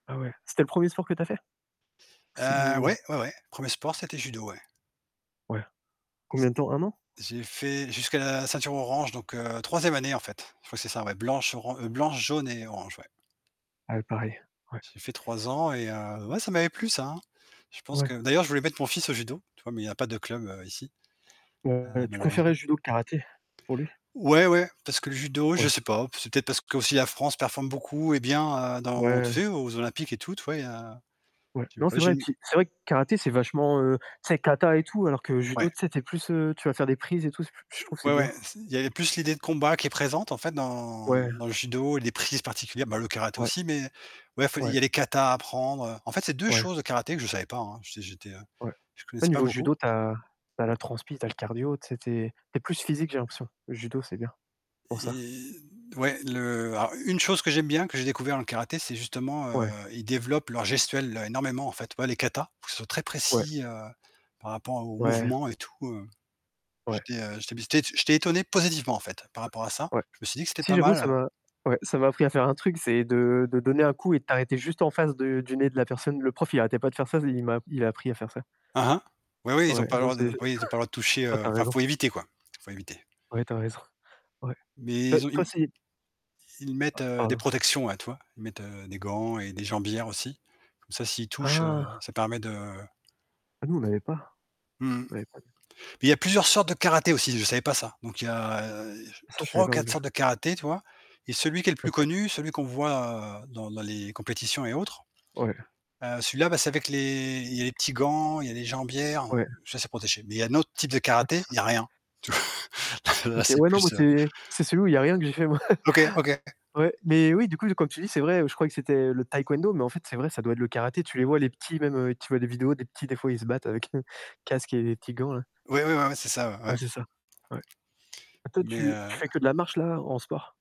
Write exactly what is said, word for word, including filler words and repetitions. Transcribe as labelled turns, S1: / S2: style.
S1: Ah ouais, c'était le premier sport que tu as fait? Si
S2: Heu, ouais,
S1: ou
S2: ouais, ouais, premier sport, c'était judo, ouais.
S1: Ouais.
S2: C
S1: Combien de temps? un an?
S2: j'ai fait jusqu'à la ceinture orange, donc heu, troisième année, en fait, je crois que c'est ça, ouais, blanche, oran heu, blanche, jaune et orange, ouais.
S1: Ah oui, pareil, ouais.
S2: J'ai fait trois ans et heu, ouais ça m'avait plu ça, hein. Je pense
S1: Ouais.
S2: que d'ailleurs, je voulais mettre mon fils au judo, tu vois? Mais il y a pas de club, heu, ici.
S1: Heu,
S2: Ah,
S1: tu
S2: malheureusement.
S1: préférerais judo que karaté pour lui?
S2: Ouais, ouais parce que le judo, je
S1: Ouais.
S2: sais pas, c'est peut-être parce qu'aussi la France performe beaucoup et bien, heu, dans tu
S1: Ouais.
S2: sais, aux olympiques et tout, tu vois? Il y a
S1: Ouais.
S2: je sais
S1: Non, c'est
S2: pas, j'ai
S1: vrai.
S2: une
S1: Puis c'est vrai que karaté, c'est vachement, heu, tu sais, kata et tout, alors que judo,
S2: Ouais.
S1: tu sais, tu es plus, heu, tu vas faire des prises et tout, c'est plus je trouve c'est
S2: Ouais,
S1: bien.
S2: ouais, c il y avait plus l'idée de combat qui est présente en fait, dans
S1: Ouais.
S2: dans le judo et les prises particulières, bah, le karaté
S1: Ouais.
S2: aussi, mais bref il y
S1: Ouais.
S2: a les kata à apprendre, heu, en fait c'est deux
S1: Ouais.
S2: choses, le karaté que je savais pas, hein, j'étais j'étais, heu,
S1: Ouais,
S2: je
S1: au
S2: connaissais pas
S1: niveau
S2: beaucoup.
S1: judo, tu as tu as la transpi, tu as le cardio, tu sais? Tu es tu es plus physique, j'ai l'impression. Le judo, c'est bien, pour ça.
S2: Et ouais, le alors, une chose que j'aime bien, que j'ai découvert dans le karaté, c'est justement, heu,
S1: Ouais.
S2: ils développent leur gestuelle énormément en fait, tu vois, les katas, ils sont très
S1: Ouais.
S2: précis, heu, par rapport au
S1: Ouais.
S2: mouvement et tout. Heu,
S1: Ouais.
S2: j'étais heu, j'étais bis té j'étais étonné positivement en fait par
S1: Ouais,
S2: rapport à ça,
S1: ouais.
S2: je me suis dit que c'était
S1: Si
S2: pas
S1: j'avoue,
S2: mal
S1: ça
S2: heu
S1: m'a ouais, ça m'a appris à faire un truc, c'est de de donner un coup et de t'arrêter juste en face de du nez de la personne. Le prof, il arrêtait pas de faire ça, il m'a il a appris à faire ça.
S2: Aha, oui, oui, ils ont
S1: Ouais,
S2: pas le
S1: donc
S2: droit
S1: c
S2: de oui, ils ont pas le droit de toucher,
S1: ah,
S2: heu,
S1: tu as
S2: enfin
S1: raison.
S2: faut éviter quoi, faut éviter.
S1: Ouais, tu as raison. Ouais.
S2: Mais
S1: Heu,
S2: ils ont ils m
S1: toi,
S2: m
S1: c'est
S2: ils
S1: Ah
S2: mettent, heu, des
S1: pardon.
S2: protections, ouais, tu vois? Ils mettent, heu, des gants et des jambières aussi, comme ça s'ils touchent, heu,
S1: Ah.
S2: ça permet de
S1: Ah nous, on n'avait pas.
S2: Mmh mh.
S1: On n'avait pas nous.
S2: Mais il y a plusieurs sortes de karaté aussi, je savais pas ça, donc il y a
S1: Ça, je
S2: trois
S1: savais
S2: ou
S1: pas non
S2: quatre
S1: plus.
S2: sortes de karaté, tu vois? Et celui qui est le plus
S1: OK.
S2: connu, celui qu'on voit, heu, dans dans les compétitions et autres,
S1: Ouais.
S2: heu, celui-là bah, c'est avec les il y a les petits gants, il y a les jambières,
S1: Ouais.
S2: ça c'est protégé, mais il y a un autre type de
S1: Ouais, c'est
S2: karaté,
S1: ça.
S2: il y a rien. Tu v là là
S1: OK,
S2: c'est
S1: ouais non moi,
S2: plus, heu
S1: c'est c'est celui où il y a rien que j'ai fait moi.
S2: OK, OK.
S1: Ouais, mais oui, du coup comme tu dis, c'est vrai, je croyais que c'était le taekwondo, mais en fait, c'est vrai, ça doit être le karaté, tu les vois les petits, même heu, tu vois des vidéos, des petits des fois ils se battent avec casques et les petits gants là.
S2: Oui, oui, ouais, ouais, c'est ça, ouais,
S1: Ouais,
S2: ouais.
S1: c'est ça, ouais. Toi,
S2: Mais
S1: tu tu
S2: heu
S1: fais que de la marche là, en sport?